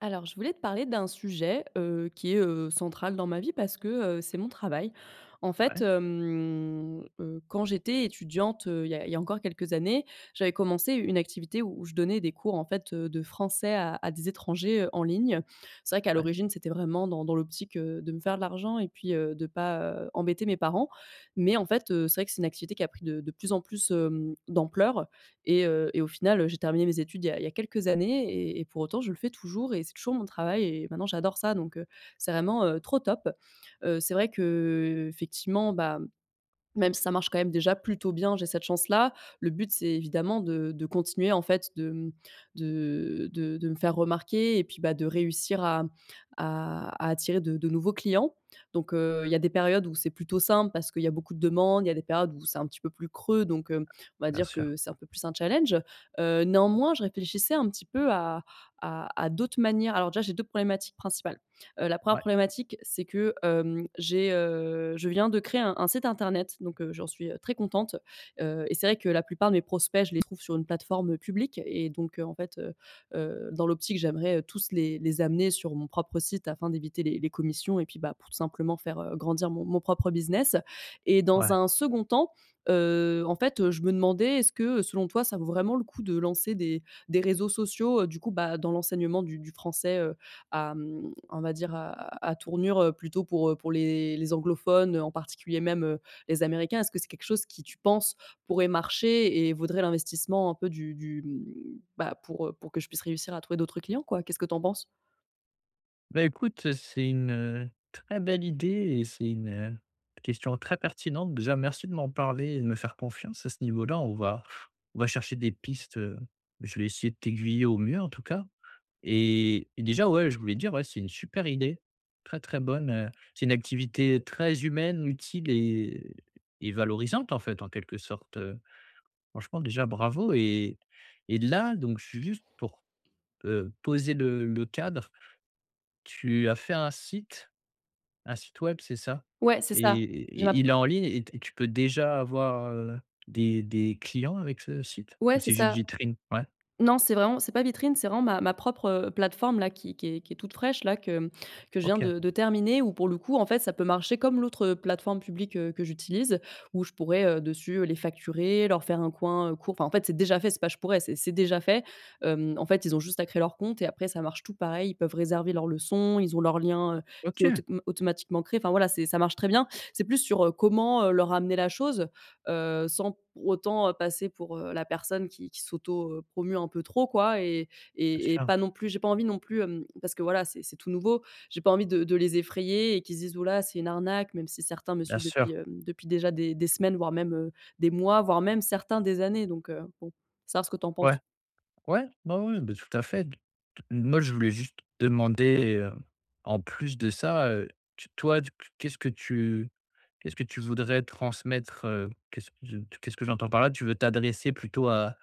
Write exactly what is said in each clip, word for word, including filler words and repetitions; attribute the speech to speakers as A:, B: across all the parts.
A: Alors, je voulais te parler d'un sujet, heu, qui est, heu, central dans ma vie. Parce que, heu, c'est mon travail. En fait,
B: Ouais.
A: hem, heu, quand j'étais étudiante, heu, il y a il y a encore quelques années, j'avais commencé une activité où je donnais des cours, en fait, heu, de français à à des étrangers, heu, en ligne. C'est vrai qu'à
B: Ouais.
A: l'origine, c'était vraiment dans dans l'optique, heu, de me faire de l'argent et puis heu, de pas, heu, embêter mes parents. Mais, en fait, heu, c'est vrai que c'est une activité qui a pris de de plus en plus, hem, d'ampleur et heu, et au final, j'ai terminé mes études il y a il y a quelques années et et pour autant, je le fais toujours et c'est toujours mon travail et maintenant, j'adore ça. Donc heu, c'est vraiment, heu, trop top. Heu, c'est vrai que, heu, effectivement, bah mmh, même si ça marche quand même déjà plutôt bien, j'ai cette chance-là. Le but, c'est évidemment de de continuer, en fait, de, mmh, de de de me faire remarquer et puis, bah, de réussir à, mmh, à à attirer de de nouveaux clients. Donc heu, il y a des périodes où c'est plutôt simple parce qu'il y a beaucoup de demandes. Il y a des périodes où c'est un petit peu plus creux, donc hem, on va
B: Bien
A: dire
B: sûr.
A: que c'est un peu plus un challenge. Heu, néanmoins, je réfléchissais un petit peu à à à d'autres manières. Alors déjà, j'ai deux problématiques principales. Heu, la première
B: Ouais.
A: problématique, c'est que, hem, j'ai, heu je viens de créer un un site internet. Donc heu, j'en suis, heu, très contente. Heu, et c'est vrai que la plupart de mes prospects, je les trouve sur une plateforme, heu, publique. Et donc heu, en fait, heu, heu, dans l'optique, j'aimerais, heu, tous les les amener sur mon propre site afin d'éviter les les commissions et puis bah, pour tout simplement faire, heu, grandir mon mon propre business. Et dans
B: Ouais.
A: un second temps, heu, en fait, heu, je me demandais: «Est-ce que selon toi, ça vaut vraiment le coup de lancer des des réseaux sociaux, heu, du coup, bah, dans l'enseignement du du français, heu, à mmh, on va dire à à à tournure, heu, plutôt pour, heu, pour les les anglophones, heu, en particulier même, heu, les Américains? Est-ce que c'est quelque chose qui, tu penses, pourrait marcher et vaudrait l'investissement, un peu, du du mmh, bah, pour heu, pour que je puisse réussir à trouver d'autres clients quoi»? Qu'est-ce que tu en penses?
B: Ben, écoute, c'est une très belle idée et c'est une question très pertinente, déjà, merci de m'en parler et de me faire confiance à ce niveau-là. On va on va chercher des pistes, heu, je vais essayer de t'aiguiller au mieux, en tout cas et et déjà, ouais, je voulais te dire, ouais, c'est une super idée, très, très bonne, heu, c'est une activité très humaine, utile et et valorisante, en fait, en quelque sorte, heu, franchement, déjà, bravo et et là, donc, je suis juste, pour, heu, poser le le cadre. Tu as fait un site un site web, c'est ça
A: Ouais, c'est ça. J'ai ma
B: et
A: p
B: il est en ligne et t tu peux déjà avoir, heu, des des clients avec ce site
A: Ouais,
B: ou
A: c'est
B: c'est juste
A: ça.
B: vitrine? Ouais.
A: Non, c'est vraiment c'est pas vitrine. C'est vraiment ma ma propre, heu, plateforme-là qui qui est qui est toute fraîche, là, que que je viens
B: OK.
A: de de terminer, où, pour le coup, en fait, ça peut marcher comme l'autre, heu, plateforme publique, heu, que j'utilise, où je pourrais, heu, dessus les facturer, leur faire un coin, heu, court, enfin, en fait, c'est déjà fait, c'est pas je pourrais, c'est c'est déjà fait, hem, en fait, ils ont juste à créer leur compte et après, ça marche tout pareil. Ils peuvent réserver leurs leçons, ils ont leurs liens, heu, c'est
B: OK.
A: autom automatiquement créé. Enfin, voilà, c'est ça marche très bien. C'est plus sur, heu, comment, heu, leur amener la chose, heu, sans autant passer pour, heu, la personne qui qui s'auto-promeut un peu trop, quoi et
B: C'est
A: et et
B: ça.
A: pas non plus j'ai pas envie non plus, hem, parce que, voilà, c'est c'est tout nouveau. J'ai pas envie de de les effrayer et qu'ils se disent: «Ouh là, c'est une arnaque!» même si certains me
B: Bien
A: suivent
B: sûr.
A: depuis, heu, depuis déjà des des semaines, voire même, heu, des mois, voire même, certains, des années, donc heu, bon, savoir ce que tu en
B: Ouais.
A: penses.
B: Ouais, ouais, ouais, bah, tout à fait. Moi, je voulais juste demander, heu, en plus de ça, heu, toi, qu'est-ce que tu qu'est-ce que tu voudrais transmettre, heu, qu'est-ce que je qu'est-ce que j'entends par là, tu veux t'adresser plutôt à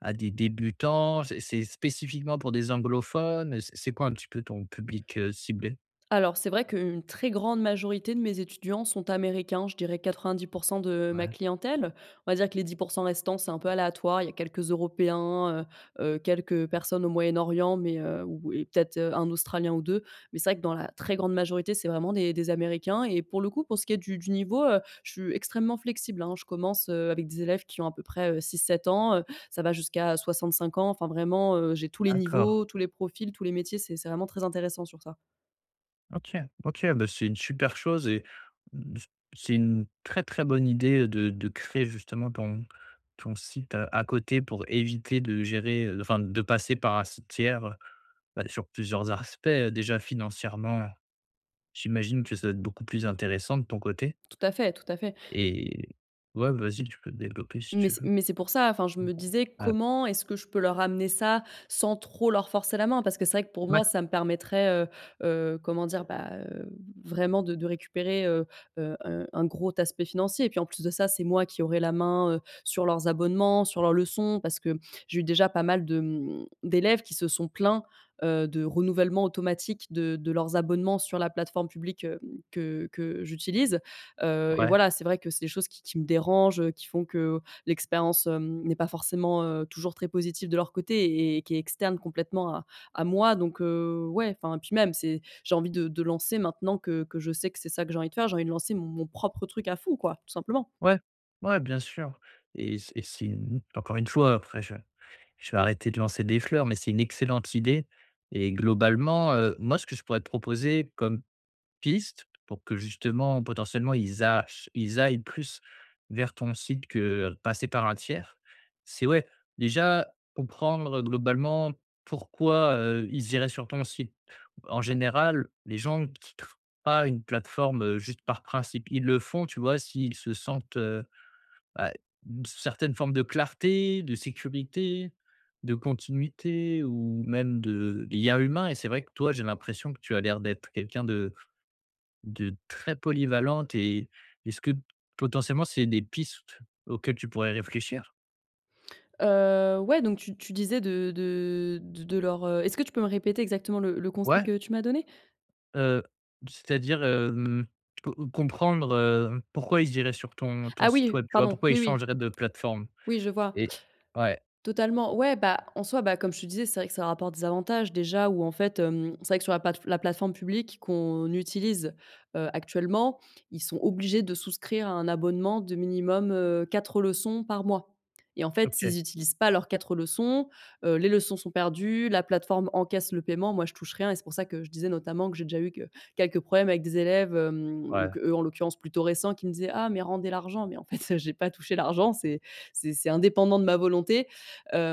B: à des débutants? C'est c'est spécifiquement pour des anglophones? C'est quoi, un petit peu, ton public, heu, ciblé?
A: Alors, c'est vrai qu'une très grande majorité de mes étudiants sont américains. Je dirais quatre-vingt-dix pour cent de ma
B: Ouais.
A: clientèle. On va dire que les dix pour cent restants, c'est un peu aléatoire. Il y a quelques Européens, heu heu, quelques personnes au Moyen-Orient, mais heu, ou et peut-être un Australien ou deux. Mais c'est vrai que, dans la très grande majorité, c'est vraiment des des Américains et pour le coup, pour ce qui est du du niveau, heu, je suis extrêmement flexible, hein. Je commence avec des élèves qui ont à peu près, heu, six-sept ans, heu, ça va jusqu'à soixante-cinq ans, enfin, vraiment, heu, j'ai tous les
B: D'accord.
A: niveaux, tous les profils, tous les métiers. C'est c'est vraiment très intéressant sur ça.
B: OK OK. Bah, c'est une super chose et mmh, c'est une très, très bonne idée de de créer, justement, ton ton site à à côté pour éviter de gérer, heu, enfin, de passer par un site tiers, heu bah, sur plusieurs arspects, heu, déjà financièrement, j'imagine que ça doit être beaucoup plus intéressant de ton côté.
A: Tout à fait, tout à fait.
B: Et ouais, vas-y, tu peux développer, si
A: Mais
B: tu
A: c'est
B: veux.
A: mais c'est pour ça. Enfin, je
B: Mmh.
A: me disais:
B: Ah
A: «Comment est-ce que je peux leur ramener ça sans trop leur forcer la main»? Parce que c'est vrai que, pour moi,
B: Mouais.
A: ça me permettrait, heu heu, comment dire? Ben, heu, vraiment de de récupérer, heu, heu, heu, un gros aspect financier et puis, en plus de ça, c'est moi qui aurais la main, heu, sur leurs abonnements, sur leurs leçons. Parce que j'ai eu déjà pas mal de, mmh, d'élèves qui se sont plaints, heu, de renouvellement automatique de de leurs abonnements sur la plateforme publique, heu, que que j'utilise. Heu, et
B: Ouais.
A: voilà, c'est vrai que c'est des choses qui qui me dérangent, qui font que, heu, l'expérience, hem, n'est pas forcément, heu, toujours très positive de leur côté et qui est externe complètement à à moi. Donc heu, ouais, enfin, puis même, c'est j'ai envie de de lancer, maintenant que que je sais que c'est ça que j'ai envie de faire, j'ai envie de lancer mon propre truc à fond, quoi, tout simplement.
B: Ouais, ouais, bien sûr. Et c'est c'est n encore une fois, après, je je vais arrêter de lancer des fleurs mais c'est une excellente idée. Et globalement, heu, moi, ce que je pourrais te proposer comme piste pour que, justement, potentiellement, ils a che ils aillent plus vers ton site que, heu, passer par un tiers. C'est ouais, déjà comprendre, heu, globalement, pourquoi, heu, ils iraient sur ton site? En général, les gens quittent pas une plateforme, heu, juste par principe. Ils le font, tu vois, s'ils se sentent, heu bah, une certaine forme de clarté, de sécurité, de continuité ou même de lien humain. Et c'est vrai que, toi, j'ai l'impression que tu as l'air d'être quelqu'un de de très polyvalente et est ce que, potentiellement, c'est des pistes auxquelles tu pourrais réfléchir?
A: Heu, ouais, donc tu tu disais de de de de leur, heu est-ce que tu peux me répéter, exactement, le le conseil
B: Ouais.
A: que tu m'as donné?
B: Heu, c'est-à-dire, hem, tu peux comprendre, heu, pourquoi ils iraient sur ton ton
A: Ah
B: site
A: oui,
B: web, tu vois?
A: pardon,
B: Pourquoi ils
A: oui oui.
B: changeraient de plateforme?
A: Oui, je vois.
B: Et ouais.
A: Totalement, ouais. Bah, en soi, bah, comme je te disais, c'est vrai que ça rapporte des avantages, déjà, où, en fait, hem, c'est vrai que, sur la plate la plateforme publique qu'on utilise, heu, actuellement, ils sont obligés de souscrire à un abonnement de minimum, heu, quatre leçons par mois, et en fait,
B: OK.
A: s'ils utilisent pas leurs quatre leçons, heu, les leçons sont perdues. La plateforme encaisse le paiement. Moi, je touche rien et c'est pour ça que je disais, notamment, que j'ai déjà eu que quelques problèmes avec des élèves, hem, ou
B: Ouais.
A: qu'eux, en l'occurrence, plutôt récents, qui me disaient: «Ah, mais rendez l'argent», mais en fait, j'ai pas touché l'argent. C'est c'est c'est indépendant de ma volonté,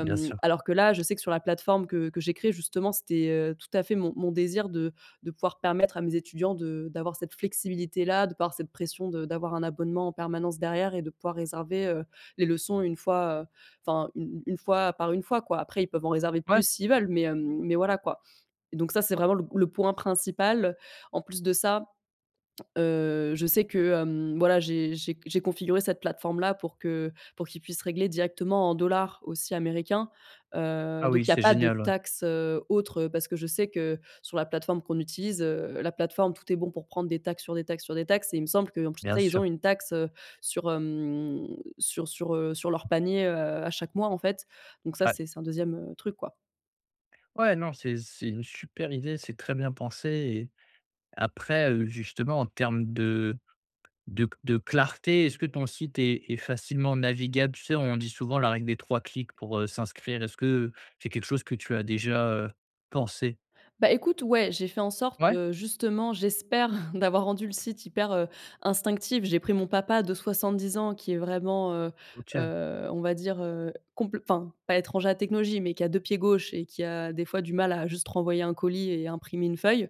B: Bien sûr.
A: alors que là, je sais que, sur la plateforme que que j'ai créée, justement, c'était, heu, tout à fait mon mon désir de de pouvoir permettre à mes étudiants de d'avoir cette flexibilité-là, de pas avoir cette pression de d'avoir un abonnement en permanence derrière et de pouvoir réserver, heu, les leçons une fois, heu enfin, une une une fois par une fois, quoi. Après, ils peuvent en réserver
B: Ouais.
A: plus, s'ils veulent, mais hem, mais voilà, quoi, donc ça, c'est vraiment le p le point principal. En plus de ça, heu, je sais que, hem, voilà, j'ai j'ai que j'ai configuré cette plateforme-là pour que pour qu'ils puissent régler directement en dollars, aussi, américain.
B: Ah
A: Heu,
B: oui,
A: donc il y a
B: c'est
A: pas de
B: génial, ouais.
A: taxe, heu, autre, heu, parce que je sais que, sur la plateforme qu'on utilise, heu, la plateforme, tout est bon pour prendre des taxes, sur des taxes, sur des taxes, et il me semble qu'en plus de
B: Bien
A: ça, ils ont
B: sûr.
A: une taxe, heu, sur, hem, sur sur, heu, sur leurs paniers, heu, à chaque mois, en fait, donc ça,
B: Ouais.
A: c'est c'est un deuxième truc, quoi.
B: Ouais, non, c'est c'est une super idée, c'est très bien pensé, et après, heu, justement, en termes de de de clarté. Est-ce que ton site est est facilement navigable? Tu sais, on dit souvent la règle des trois clics pour, heu, s'inscrire? Est-ce que c'est quelque chose que tu as déjà, heu, pensé?
A: Bah, écoute, ouais, j'ai fait en sorte,
B: Ouais.
A: heu, justement, j'espère d'avoir rendu le site hyper, heu, instinctif. J'ai pris mon papa de soixante-dix ans qui est vraiment, heu
B: OK.
A: heu, on va dire, heu, compl enfin, pas étranger à la technologie, mais qui a deux pieds gauche et qui a des fois du mal à juste renvoyer un colis et imprimer une feuille.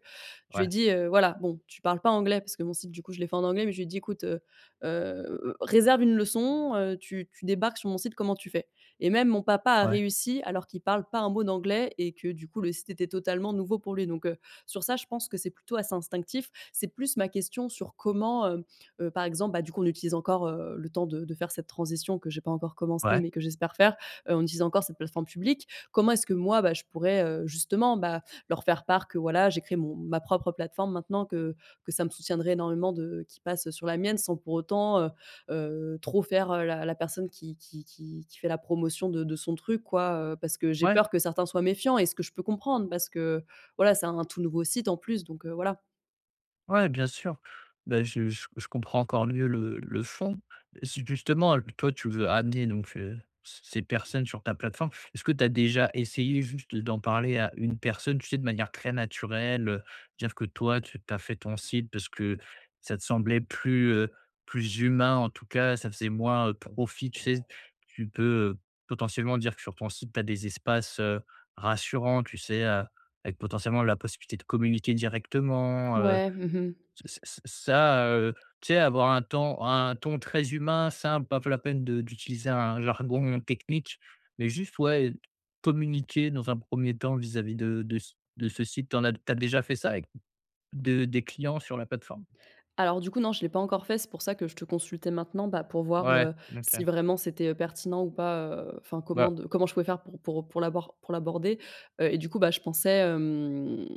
A: Je lui ai
B: Ouais.
A: dit, heu: «Voilà, bon, tu parles pas anglais», parce que mon site, du coup, je l'ai fait en anglais, mais je lui ai dit: «Ecoute, heu heu, réserve une leçon, heu, tu tu débarques sur mon site, comment tu fais?», et même mon papa a
B: Ouais.
A: réussi alors qu'il parle pas un mot d'anglais et que, du coup, le site était totalement nouveau pour lui, donc heu, sur ça, je pense que c'est plutôt assez instinctif. C'est plus, ma question, sur comment, heu heu, par exemple, bah, du coup, on utilise encore le temps de de faire cette transition que j'ai pas encore commencée
B: Ouais.
A: mais que j'espère faire, heu, on utilise encore cette plateforme publique? Comment est-ce que moi, bah, je pourrais, heu, justement, bah, leur faire part que voilà, j'ai créé mon ma propre plateforme, maintenant que que ça me soutiendrait énormément de qu'ils passent sur la mienne sans pour autant, heu heu, trop faire la la personne qui qui qui qui fait la promotion de de son truc, quoi, heu, parce que j'ai
B: Ouais.
A: peur que certains soient méfiants? Et ce que je peux comprendre, parce que voilà, c'est un un tout nouveau site en plus, donc heu, voilà.
B: Ouais, bien sûr, bah, je je je comprends encore mieux le le fonds, justement, l toi tu veux amener donc heu, ces ces personnes sur ta plateforme. Est-ce que tu as déjà essayé juste d'en parler à une personne tu sais de manière très naturelle, heu, dire que toi tu tu as fait ton site parce que ça te semblait plus, heu, plus humain en tout cas, ça faisait moins, heu, profit, tu sais? Tu peux, potentiellement dire que sur ton site tu as des espaces, heu, rassurants tu sais, heu, avec potentiellement la possibilité de communiquer directement, heu,
A: Ouais, mmh mh.
B: ç ç ça, heu, tu sais avoir un temps un ton très humain, simple pas la peine de d'utiliser un jargon technique, mais juste, ouais, communiquer dans un premier temps vis-à-vis de de c de ce site tu en as tu as déjà fait ça avec de des clients sur la plateforme?
A: Alors du coup, non, je l'ai pas encore fait. C'est pour ça que je te consultais maintenant, bah, pour voir,
B: Ouais,
A: heu, si
B: OK.
A: vraiment c'était, heu, pertinent ou pas, heu, enfin, comment
B: Bah.
A: de comment je pouvais faire pour pour pour l'abord pour l'aborder. Heu, et du coup, bah, je pensais, hem,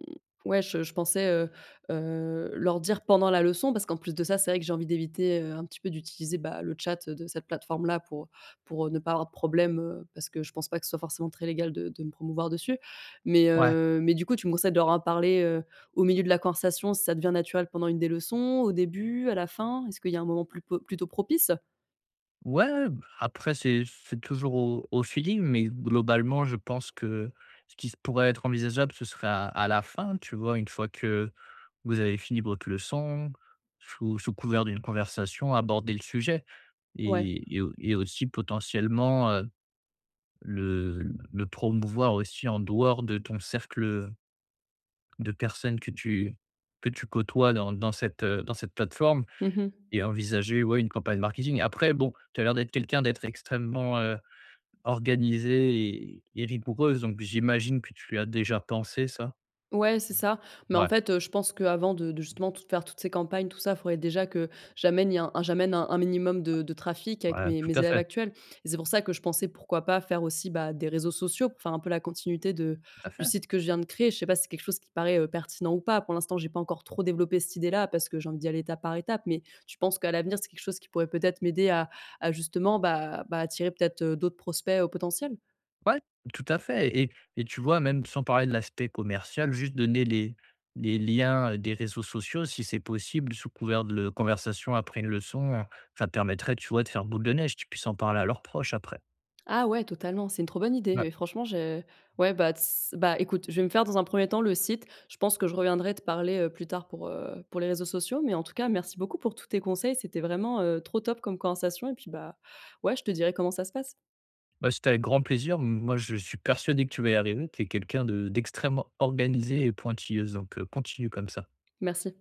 A: ouais, je je pensais, heu heu, leur dire pendant la leçon parce qu'en plus de ça. C'est vrai que j'ai envie d'éviter, heu, un petit peu d'utiliser, bah, le tchat de cette plateforme-là pour pour, heu, ne pas avoir de problème, heu, parce que je pense pas que ce soit forcément très légal de de me promouvoir dessus, mais
B: Ouais.
A: heu, mais du coup, tu me conseilles de leur en parler, heu, au milieu de la conversation si ça devient naturel pendant une des leçons, au début, à la fin. Est-ce qu'il y a un moment plupo, plutôt propice?
B: Ouais! Bah, après, c'est c'est toujours au au feeling mais, globalement je pense que, ce qui s pourrait être envisageable, ce serait à à la fin, tu vois? Une fois que, vous avez fini votre leçon, sous sous couvert d'une conversation, aborder le sujet
A: Ouais.
B: et et au et aussi potentiellement, heu, le le promouvoir aussi en dehors de ton cercle, heu de personnes que tu que tu côtoies dans dans cette, heu, dans cette plateforme
A: Mmh mh.
B: et envisager, ouais, une campagne marketing. Après bon, tu as l'air d'être quelqu'un d'être extrêmement, heu, organisée et et rigoureuse, donc, j'imagine que tu as déjà pensé ça?
A: Ouais, c'est ça mais en
B: Ouais.
A: fait, heu, je pense qu'avant de de justement tout faire toutes ces campagnes, tout ça, faudrait déjà que, j'amène y un j'amène un un minimum de de trafic avec
B: Ouais,
A: mes
B: tout
A: mes
B: à
A: élèves
B: fait.
A: actuels et c'est pour ça que je pensais, pourquoi pas faire aussi, bah, des réseaux sociaux, pour faire un peu la continuité de
B: Tout à
A: du
B: fait!
A: site que je viens de créer. Je sais pas si c'est quelque chose qui paraît, heu, pertinent ou pas? Pour l'instant, j'ai pas encore trop développé cette idée-là parce que j'ai envie d'y aller étape par étape mais, tu penses qu'à l'avenir, c'est quelque chose qui pourrait peut-être m'aider à à justement bah bah, attirer peut-être, heu, d'autres prospects, heu, potentiels?
B: Ouais! Tout à fait et et et tu vois même, sans parler de l'aspect commercial, juste donner les les liens des réseaux sociaux, si c'est possible, sous couvert de conversation après une leçon, heu, ça te permettrait, tu vois, de faire boule de neige, qu'ils puissent en parler à leurs proches après.
A: Ah ouais, totalement! C'est une trop bonne idée,
B: Ouais.
A: oui, franchement je ouais, bah, tss, bah, écoute, je vais me faire dans un premier temps, le site. Je pense que je reviendrai te parler, heu, plus tard pour, heu, pour les réseaux sociaux mais en tout cas, merci beaucoup pour tous tes conseils. C'était vraiment, heu, trop top comme conversation et puis, bah, ouais, je te dirai comment ça se passe!
B: Bah, c'était avec grand plaisir. M moi, je suis persuadé que tu vas y arriver. Tu es quelqu'un de d'extrêmement organisée et pointilleuse, donc heu, continue comme ça.
A: Merci.